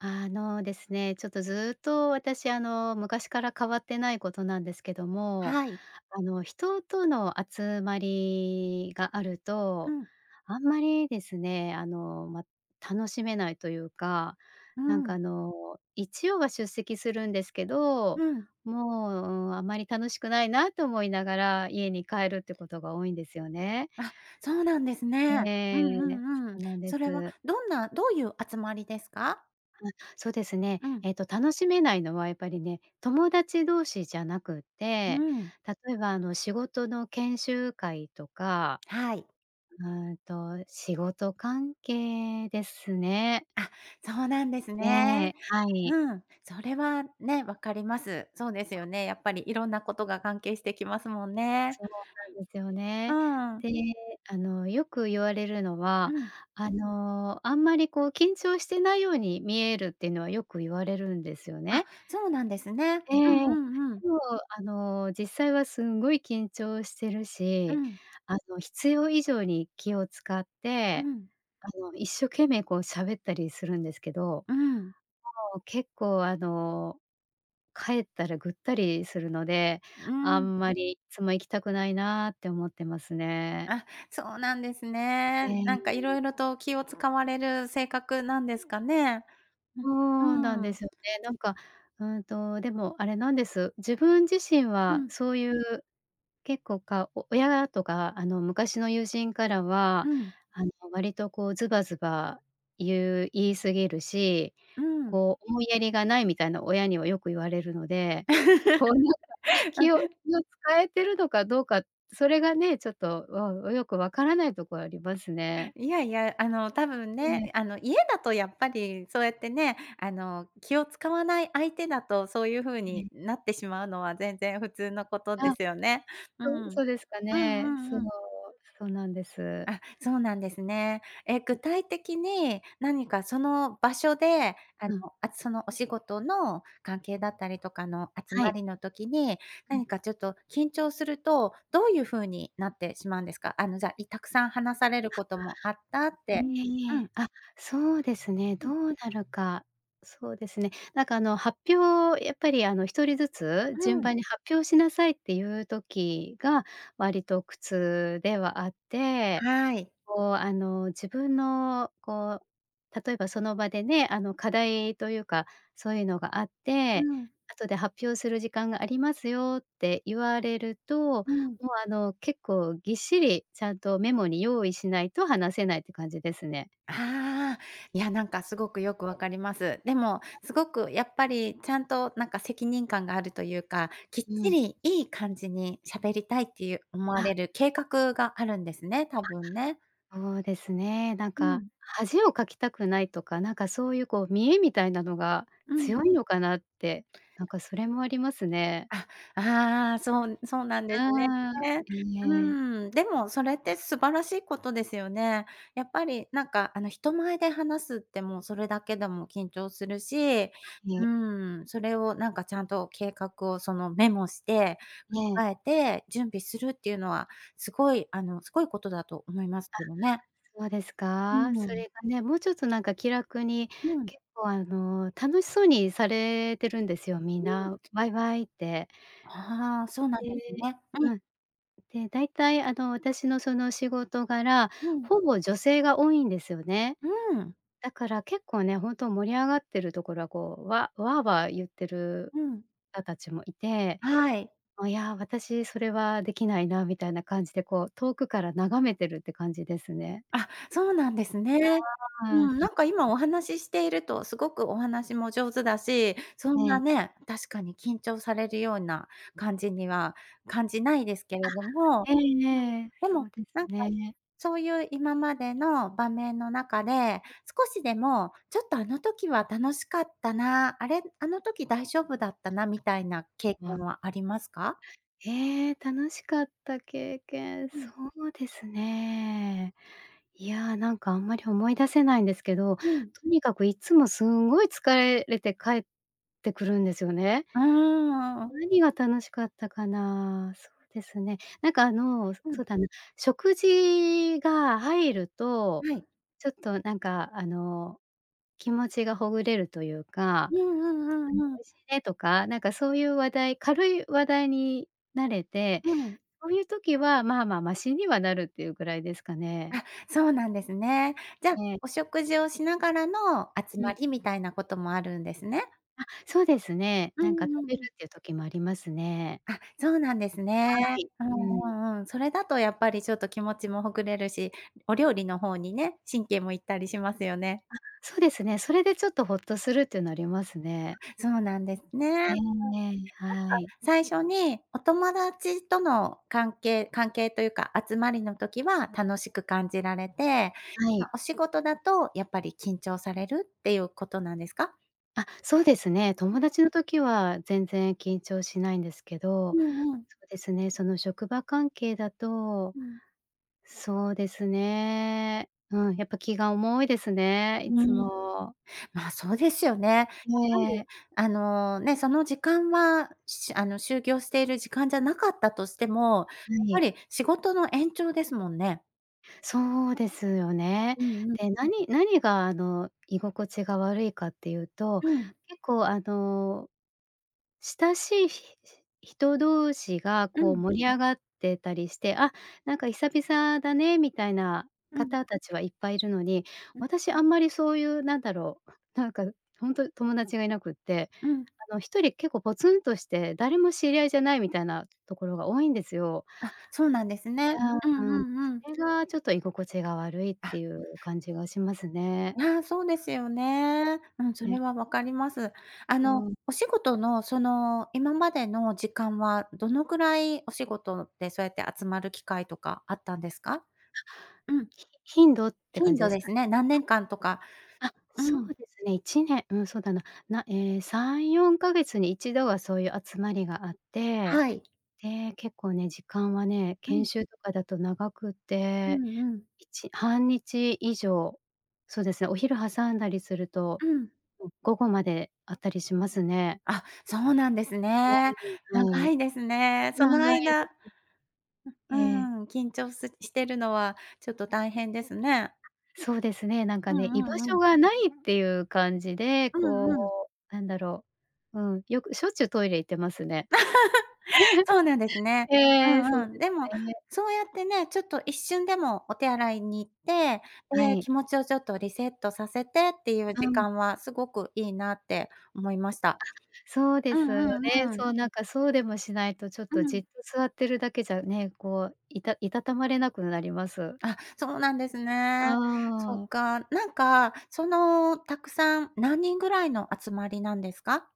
あのですね、ちょっと、ずっと私、あの、昔から変わってないことなんですけども、はい。あの、人との集まりがあるうと、ん。あんまりですね、あの、ま、楽しめないというか、うなんかあん。の、一応は出席するんですけど、うん。もう、うん、あまり楽しくないなと思いながら家に帰るってことが多いんですよね。あ、そうなんですね。うえんえ。うんうん。そうなんでそれはす。どんなどういう集まりですか？あ、そうですね、うん。えっと、楽しめないのはやっぱりね、友達同士じゃなくっうて、ん。例えば、あの、仕事の研修会とか、はい。うーんと、仕事関係ですね。あ、そうなんですえねえ、はい。うん。それはね、わかります。そうですよね。やっぱりいろんなことが関係してきますもんね。そうなんですようね。ん。で、あの、よく言われるのうは、ん。あの、あんまりこう、緊張してないように見えるってのはよく言われるんですよあ、ね。そうなんですね。えうえ。んうんうん。でも、あの、実際はすんごい緊張してるうし、ん。あの、必要以上に気を使っうて、ん。あの、一生懸命、こう、喋ったりするんですけど、もうん。う結構、あの、帰ったらぐったりするので、うあん。んまりいつも行きたくないなって思ってますね。あ、そうなんですね。なんか、いえろ いろと気を使われる性格なんですかね？うそうなんうでん。すよね。なんか、うーんと、でも、あれなんです、自分自身うは、ん。そういう、結構かお親とか、あの、昔の友人からうは、ん。あの、割とこうズバズバ言う言い過ぎるし、うん。こう、思いやりがないみたいな、親にはよく言われるので、こうなんか、気を あ 使えてるのかどうか、それがね、ちょっと、うん、よく分からないとこありますね。いやいや、あの、たぶんええ。ね、あの、家だとやっぱりそうやってね、あの、気を使わない相手だと、そういうふうえにえ。なってしまうのは全然普通のことであ、すよね。うん。そうんそうですかね。そうう。んうん。そうなんです。あ、そうなんですね。え、具 体的に何かその場所で、あの、うん。あその、お仕事の関係だったりとかの集はまい。りの時に、うん。何か、ちょっと緊張すると、どういうふうになってしまうんですか？あの、じゃ、いたくさん話されるあ、こともあったって。いえいうえ。ん。あ、そうですね、うん。どうなるか、そうですね。なんか、あの、発表、やっぱり、あの、1人ずつう順ん。番に発表しなさいっていう時が割と苦痛ではあって、はい。こう、あの、自分のこう、例えばその場でね、あの、課題というか、そういうのがあっうて、ん。後で発表する時間がありますよって言われると、もう、うん。あの、結構、ぎっしりちゃんとメモに用意しないと話せないって感じですね。ああ、いや、なんか、すごくよくわ かります。でも、すごく、やっぱり、ちゃんとなんか、責任感があるというか、きっうちん。りいい感じにしゃべりたいっていう、思わあれる計画があるんですね。たぶんね。あ、そうですね。なんうか、ん。恥をかきたくないとか、なんか、そういう、こう、見栄みたいなのがうん。強いのかなって、なんか、それもありますね。あ、ああ、そうそうなんですねうん、うええ。ん。でも、それって素晴らしいことですよね。やっぱり、なんか、あの、人前で話すってもうそれだけでも緊張するし うね。ん、それをなんか、ちゃんと計画をその、メモして、ええ。控えて準備するっていうのは、すごい、あの、すごいことだと思いますあ、けどね。そうですうか？そん。れがね、もうちょっと、なんか、気楽に、うん。結構、あの、楽しそうにされてるんですよみんうん。な、わいわいって。ああ、そうなでんですねうん。うん。で、大体、あの、私のその、仕事柄、うん。ほぼ女性が多いんですよね。うん。だから結構ね、本当盛り上がっているところは、こう、わわあわあ言っているうん。方達もいて、はい。もういや、私それはできないなみたいな感じで、こう、遠くから眺めてるって感じですね。あ、そうなんですねうん、なんか、今 お話していると、すごくお話も上手だし、そえんなえ。ね、確かに緊張されるような感じには感じないですけあ。れどもえええうん、え、でそも、うですなんか、ね。そういう今までの場面の中で、少しでも、ちょっとあの時は楽しかったな、あれ、あの時大丈夫だったな、みたいな経験わはありますか？ええ、楽しかった経験、そうん。うですね。いや、なんか、あんまり思い出せないんですけど、とうん。にかくいつもすんごいつかえれて帰ってくるんですよね。うーん、うんうん。何が楽しかったかな。そうですね。なんか、あの、そうん。そうだな。食事が入ると、はい。ちょっと、なんか、あの、気持ちがほぐれるというか、うんうん 美うんうん。味しいねとか、なんかそういう話題、軽い話題になれて、うん。そういう時は、まあまあマシにはなるっていうぐらいですかね。あ、そうなんですね。じゃ、ええ。お食事をしながらの集うまん。りみたいなこともあるんですね。あ、そうですね。うなんかんうん食べうん。るっていう時もありますね。あ、そうなんですはね。い、ううん。んうんうん。それだとやっぱり、ちょっと気持ちもほぐれるし、お料理の方にね、神経も行ったりしますよね。あ、そうですね。それでちょっとホッとするっていうのありますね。そうなんですね。えなえんか、ええ、はい。最初にお友達との関係関係というか、集まりの時は楽しく感じられて、はま、い。お仕事だと、やっぱり緊張されるっていうことなんですか？あ、そうですね。友達の時は全然緊張しないんですけうど、んうん。そうですね、その、職場関係だと、うん。そうですね、うん。やっぱ、気が重いですね、いつうん。も。まあ、そうですよね。やっぱり、ええ。あの、ね、その時間は、しあの、就業している時間じゃなかったとしても、はやっぱい。り、仕事の延長ですもんね。そうですよね。うんうん。で、何何が、あの、居心地が悪いかっていうと、うん。結構、あの、親しいひし人同士が、うこう、ん。盛り上がってたりして、あ、なんか、「久々だね」みたいなうん。方達はいっぱいいるのに、ん私、あんまり、そういう、なんだろう。なんか、ほんと、友達がいなくって、うん。あの、1人結構、ポツンとして、誰も知り合いじゃない、みたいなところが多いんですよ。あ、そうなんですいね。うやんううん。んうん。それが、ちょっと、居心地が悪いってあいう感じがしますね。ああ、そうですよね。うん、そね。れは分かります。あうの、ん。お仕事の、その、今までの時間は、どのくらい、お仕事で、そうやって集まる機会とかあったんですか？うん。ひ頻度って感頻じ度ですでかすね？ね、何年間とか。あ、そうん。うですね、1年、うん、そうだな。なええ、3、4ヶ月に1度はそういう集まりがあって、はい。で、結構ね、時間はね、う研ん。修とかだと、長くうて、んうん。1、半日以上、そうですね。お昼挟んだりするとうん。うん、午後まであったりしますね。あ、そうなんですだね。いぶ、は長い。いですね、その長い間でうすうええ。ーん、緊張すしてるのは、ちょっと大変ですね。そうですね。なんうかね、居んう場んう所ん。がないっていう感じで、うこんうん。う、なんだろう。うん、よく、しょっちゅう、トイレ行ってますね。そうなんですね。うええ、そうんうでん。でも、すね。そうやってね、ちょっと、一瞬でもお手洗いに行って、はで、い。気持ちを、ちょっと、リセットさせてっていうう時ん。間は、すごくいいなって思いました。あ、そうでうすよね。んうんうん。そう、なんか、そうでもしないと、ちょっうと、じん。っと座ってるだけじゃね、こう、いたいたたまれなくなります。あ、そうなんですうね、そーん。っか。なんか、その、たくさん、何人ぐらいの集まりなんですか？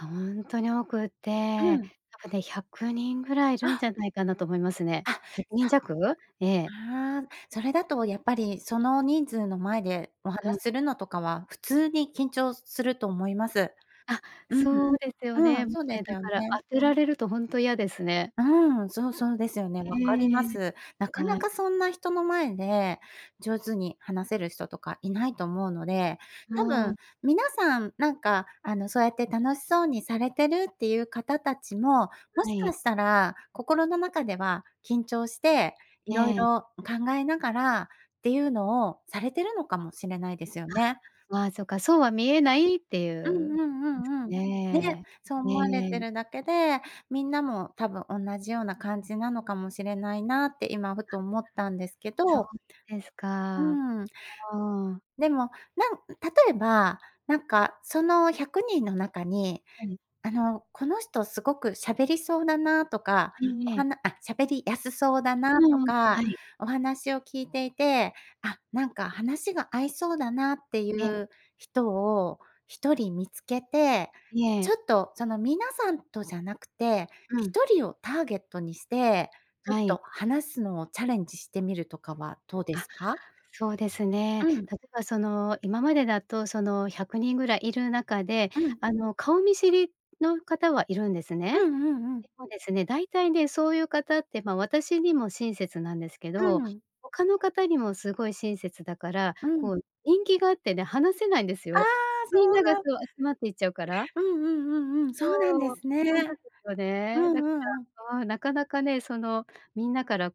ほんとに多くって。うやっん。ぱね、100人ぐらいいるんじあ。ゃないかなと思いますね。あ、そう。100人弱。ええ。ああ、それだと、やっぱり、その人数の前でお話うん。するのとかは、普通に緊張すすると思います。あ、うん。そうですようね。ん、もうそうでね、すだよから、ね。当てられるとほんと嫌ですね。うん、そうそうですよね。わかりまええ。す。なかなはい。かそんな人の前で、上手に話せる人とかいないと思うので、多うん。分皆さんなんか、あの、そうやって楽しそうにされてるっていう方たちも、もはしかい。したら心の中では緊張して、色ええ。々考えながらっていうのをされてるのかもしれないですよね。あ、まあ、そっか。そうは見えないっていうんううんうですかんうん。ね、ね。そうえ思われてえ。るだけで、みんなも、多分おんなじような感じなのかもしれないなって、今、ふと思ったんですけそうど。ですうーか。あん。あ、うん。でも、なん例えばなんかその、100人の中に、ええ。あの、この人すごく喋りそうだなとか、ええおえはえ。なあ、喋りやすそうだうなとんうん、か、はい。お話を聞いていて、あ、なんか、話が合いそうだなっていえう人を、1人見つけて、いちえ。ょっと、その、皆さんとじゃなくて、うひん。とりをターゲットにして、ちょっはい。と、話すのをチャレンジしてみるとかはどうであ、すか？そうですね。うん。例えばその、今までだと、その、100人ぐらいいる中で、うん。あの、顔見知りの方はいるんですうね。んうんうん。でもですね、大体ね、そういう方って、まあ、私にも親切なんですけうど、ん。他の方にも凄い親切だから、うこん。う、人気があってね、話せないんですああ、よ。みんそなうがなそんう、集まっていっちゃうから。うんうんうんうん、そそうなんでうすそうなんね。ですようね。んだうかんうん。ら、ああ、なかなかね、その、みんなから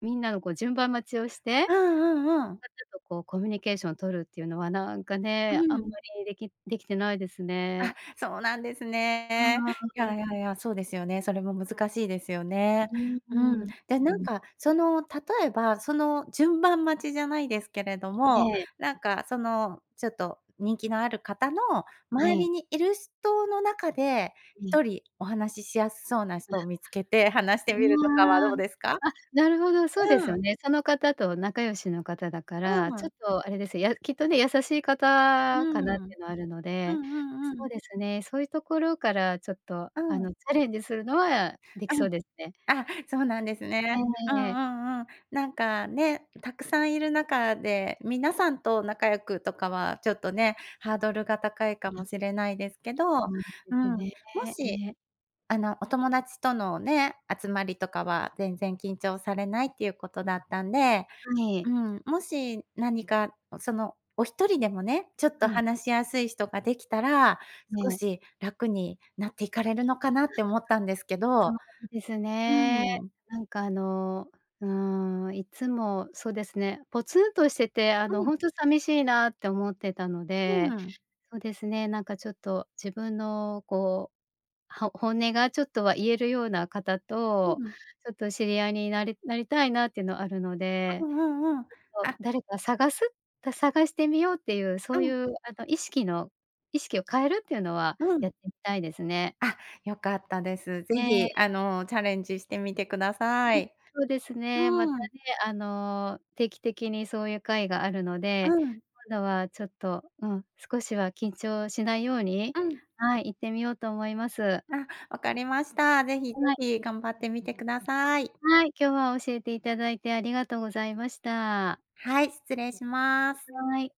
みんなのこう、順番待ちをして、うんうんうん。ちょっとこう、コミュニケーション取るっていうのは、なんかね、うあんまん。りできできてないですあ、ね。そうなんですうね。いーやん。いやいや、そうですよね、それも難しいですよね。うーうん。ん、じゃうなんん。か、その、例えば、その、順番待ちじゃないですけれども、ええ。なんか、その、ちょっと、人気のある方のは周い。りにいる人の中で、うひん。とりお話ししやすそうな人を 見つけて、話してみうるとかはわ。どうですか？あ、なるほど、そうですうよん。ね。その方と仲良しの方だから、うちょん。っと、あれです、やきっとね、優しいう方かん。なっうんてのあるので。うんうそうん。ですね、そういうところから、ちょっと、うあん。の、チャレンジするのはできうそん。うですね。あ、そうなんですえね。えうんうええええ。んうん。なんかね、たくさんいる中で、皆さんと仲良くとかは、ちょっとね、ハードルが高いかも しれないですけど。そうでうすん、ね、もえし、え。あの、お友達とのね、集まりとかは全然緊張されないっていうことだったんではうい。ん、もし何か、その、お1人でもね、ちょっとうん。話しやすい人ができたら、え少え。し楽になって行かれるのかなって思ったんですけど。そうですね。うーん。なんかあの、うーん。いつもそうですね、ポツンとしてて、あうの、ん。ほんと、さみしいなって思ってたので。うん。そうですね、なんかちょっと、自分の、こう、は本音が、ちょっとは言えるような方うと、ん。ちょっと、知り合いになりなりたいなってのあるのうで。んうんうん。ちょっとあ誰か探す探してみようっていう、そうういん。うあの、意識の意識を変えるっていうのは、うやん。ってみたいですね。あ、よかったです。是え非、え。あの、チャレンジしてみてくださ い。そうですね。またうーん。ね、あの、定期的にそういう会があるので、うん。今度はちょっと、うん、少しは緊張しないようにうん。はい、行ってみようと思います。はあ、分かりました。是非是い。非、頑張ってみてくだあ、さい。はい。今日は教えていただいてありがとうございました。はい、失礼します。はい。